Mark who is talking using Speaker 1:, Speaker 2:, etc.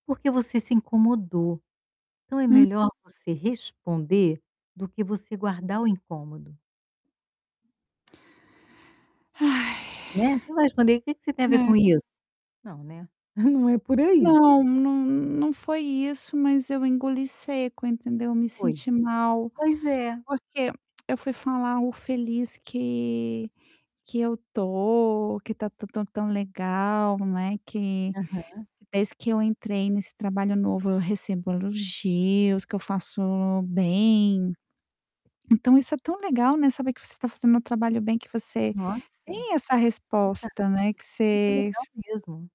Speaker 1: Porque você se incomodou, então é
Speaker 2: Hum.
Speaker 1: melhor você responder do que você guardar o incômodo.
Speaker 2: Ai.
Speaker 1: Né, você não vai responder, "O que que você tem a ver com
Speaker 2: É.
Speaker 1: isso?" Não, né, não é por aí.
Speaker 2: Não não não foi isso, mas eu engoli seco entendeu, me
Speaker 1: Pois,
Speaker 2: senti mal,
Speaker 1: pois é.
Speaker 2: porque eu fui falar o feliz que que eu estou, que está tão tão tão legal, né, que
Speaker 1: Aham.
Speaker 2: desde que eu entrei nesse trabalho novo eu recebo elogios, que eu faço bem. Então isso é tão legal, né, saber que você está fazendo um trabalho bem, que você
Speaker 1: Nossa, fantástico,
Speaker 2: tem essa resposta, né, que
Speaker 1: muito legal
Speaker 2: você
Speaker 1: mesmo.